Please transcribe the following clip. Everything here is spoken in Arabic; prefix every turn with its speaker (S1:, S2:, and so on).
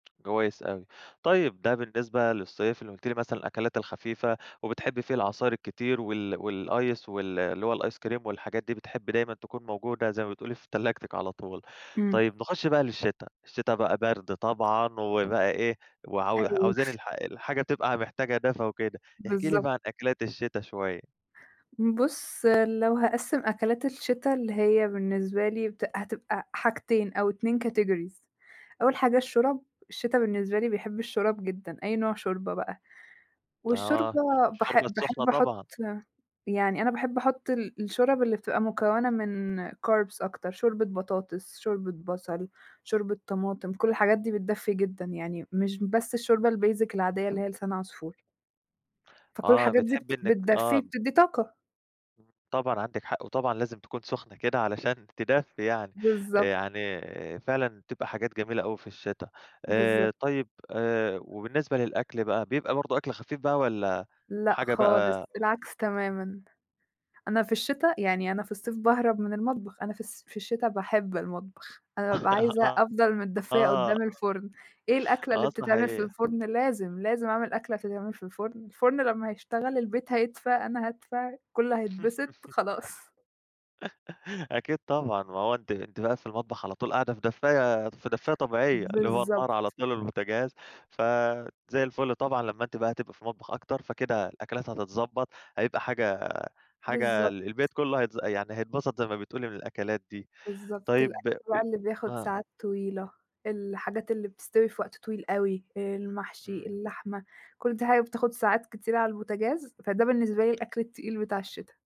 S1: كويس أوي. طيب ده بالنسبة للصيف اللي قُلتِ لي مثلًا الأكلات الخفيفة وبتحبّي فيه العصاير الكتير وال والice وال اللي هو الice cream والحاجات دي، بتحب دايمًا تكون موجودة زي ما بتقولي في تلاجتِك على طول.
S2: إمم.
S1: طيب نخش بقى للشِتا، الشِتا بقى بَرْد طبعًا وبقى إيه، وعاو
S2: أيوه.
S1: عاوزين الح الحاجة تبقى محتاجة دفى وكده. احكِ لي
S2: بالضب
S1: بقى عن أكلات الشِتا شوية.
S2: بُص، لو هاقسّم أكلات الشِتا اللي هي بالنسبة لي بت هتبقى حاجتين أو 2 categories. أول حاجة الشورَب، الشِتا بالنسبة لي بيحب الشورَب جدًا، أي نوع شوربة بقى. والشوربة
S1: آه، الشوربة
S2: باحب
S1: السُخنة
S2: باحب أحُط
S1: طبعًا.
S2: يعني أنا باحب أحُط ال الشورَب اللي بتبقى مكونة من carbs أكتر، شوربة بطاطس، شوربة بصل، شوربة طماطم، كل الحاجات دي بتدفّي جدًا، يعني مش بس الشوربة الbasic العادية اللي هي لسان عصفور. فكل
S1: آه،
S2: الحاجات دي
S1: بتحبّي
S2: بت
S1: إنِّك
S2: بتدفّي
S1: آه.
S2: وبتدّي طاقة.
S1: طبعًا عندِك حق، وطبعًا لازم تكون سُخنة كده علشان تدفّي يعني. آآ
S2: بالضبط.
S1: يعني فعلًا تبقى حاجات جميلة أوي في الشِتا. آآ
S2: بالضبط.
S1: طيب آآ وبالنسبة للأكل بقى، بيبقى برضه أكل خفيف بقى والّا
S2: لأ
S1: حاجة
S2: خالص،
S1: بقى
S2: العكس تمامًا. أنا في الشِتا يعني أنا في الصيف باهرب من المطبخ، أنا في الص في الشِتا باحب المطبخ، أنا بابقى عايزة
S1: آه،
S2: أفضل متدفّية
S1: آه.
S2: قُدّام الفرُن. إيه الأكلة اللي
S1: آه
S2: بتتعمل في
S1: صحيح.
S2: الفُرن لازم، لازم أعمل أكلة تتعمل في الفُرن. الفُرن لمّا هيشتغل، البيت هيدفى، أنا هادفى، الكل هيتبسط، خلاص.
S1: أكيد طبعًا، ما هو أنتِ أنتِ بقى في المطبخ على طول قاعدة في دفّاية دف دفّاية طبيعية اللي هو النار على
S2: بالضبط.
S1: طول والبوتاجاز، ف زي الفُل طبعًا لمّا أنتِ بقى هتبقى في المطبخ أكتر، فكده الأكلات هتتضبّط، هيبقى حاجة حاجة
S2: بالضبط.
S1: ال البيت كُلّه هيتز يعني هيتبسط زي ما بتقولي من الأكلات دي.
S2: بالضبط،
S1: طيب،
S2: الأكل بقى
S1: قل
S2: اللي بياخُد
S1: آه.
S2: ساعات طويلة، الحاجات اللي بتستوي في وقت طويل أوي، المحشي،
S1: إمم.
S2: اللحمة، كل دي حاجة بتاخُد ساعات كتيرة على البوتاجاز، فده بالنسبة لي الأكل التقيل بتاع الشِتا.